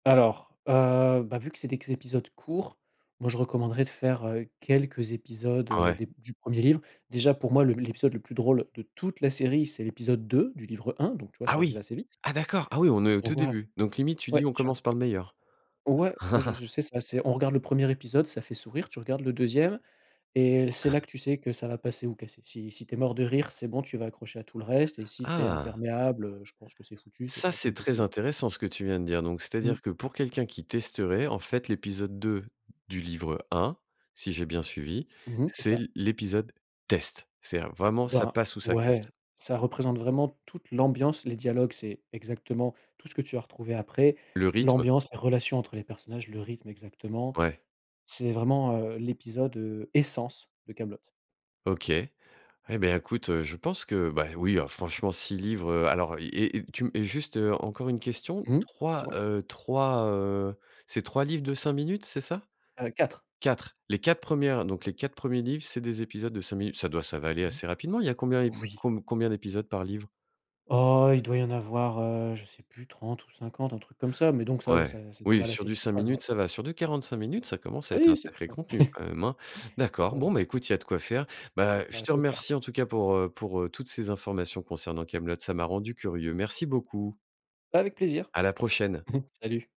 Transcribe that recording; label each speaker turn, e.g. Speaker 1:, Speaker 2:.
Speaker 1: Alors, heu, bah, vu que c'est des q épisodes courts, moi je recommanderais de faire quelques épisodes,
Speaker 2: Ah
Speaker 1: heu,
Speaker 2: ouais.
Speaker 1: des du 1er livre. Déjà pour moi, le l'épisode le plus drôle de toute la série, c'est l'épisode 2 du livre 1, donc tu vois,
Speaker 2: Ah
Speaker 1: ça arrive
Speaker 2: oui,
Speaker 1: assez vite
Speaker 2: ah d'accord, ah oui, on est au
Speaker 1: on
Speaker 2: tout
Speaker 1: voit
Speaker 2: début. Donc limite, tu
Speaker 1: ouais,
Speaker 2: dis: «On
Speaker 1: tu r
Speaker 2: commence par le meilleur».
Speaker 1: Ouais, moi, je je sais c'est assez on regarde le 1er épisode, ça fait sourire, tu regardes le 2e et c'est là que tu sais que ça va passer ou casser. Si si tu es mort de rire, c'est bon, tu vas accrocher à tout le reste et si tu es
Speaker 2: Ah.
Speaker 1: imperméable, heu, je pense que c'est foutu, c'est
Speaker 2: Ça,
Speaker 1: pas la
Speaker 2: c'est
Speaker 1: peine
Speaker 2: très
Speaker 1: d'essayer.
Speaker 2: intéressant ce que tu viens de dire. Donc
Speaker 1: Mmh.
Speaker 2: c'est-à-dire que pour quelqu'un qui testerait, en fait, l'épisode 2 du livre 1, si j'ai bien suivi,
Speaker 1: Mmh mh, c'est
Speaker 2: c'est
Speaker 1: ça.
Speaker 2: l l'épisode test. C'est vraiment ça
Speaker 1: Ben,
Speaker 2: passe ou ça casse.
Speaker 1: ouais, ça représente vraiment toute l'ambiance, les dialogues, c'est exactement tout ce que tu vas retrouver après,
Speaker 2: Le rythme.
Speaker 1: l'ambiance, la relation entre les personnages, le rythme exactement,
Speaker 2: Ouais.
Speaker 1: c'est vraiment, heu, l'épisode, heu, essence de Kaamelott.
Speaker 2: OK. Et ben, écoute, heu, je pense que, ben, oui, alors franchement, 6 livres, heu, alors, et et tu m juste, heu, encore une question,
Speaker 1: Mmh, dis
Speaker 2: 3,
Speaker 1: moi.
Speaker 2: heu, 3, heu, c'est 3 livres de 5 minutes, c'est ça?
Speaker 1: Heu, 4.
Speaker 2: 4, les 4 premières, donc les 4 premiers livres, c'est des épisodes de 5 minutes. Ça doit ça va aller
Speaker 1: Mmh.
Speaker 2: assez rapidement. Il y a combien
Speaker 1: Oui.
Speaker 2: com combien d'épisodes par livre?
Speaker 1: Oh, il doit y en avoir, heu, je sais plus, 30 ou 50, un truc comme ça, mais donc ça ou
Speaker 2: Ouais,
Speaker 1: ça ça
Speaker 2: oui,
Speaker 1: va l
Speaker 2: sur
Speaker 1: assez
Speaker 2: du
Speaker 1: vite
Speaker 2: 5
Speaker 1: [unintelligible]
Speaker 2: minutes,
Speaker 1: ouais.
Speaker 2: ça va sur du 45 minutes, ça commence à être un
Speaker 1: Oui, c'est plus
Speaker 2: sacré
Speaker 1: long.
Speaker 2: contenu quand même, hein. D'accord, bon,
Speaker 1: Ouais.
Speaker 2: beh écoute, il y a de quoi faire. Bah, je
Speaker 1: Bah,
Speaker 2: te
Speaker 1: c'est clair.
Speaker 2: remercie, en tout cas, pour, heu, pour, heu, toutes ces informations concernant Kaamelott, ça m'a rendu curieux. Merci beaucoup.
Speaker 1: Avec plaisir.
Speaker 2: À la prochaine.
Speaker 1: Salut.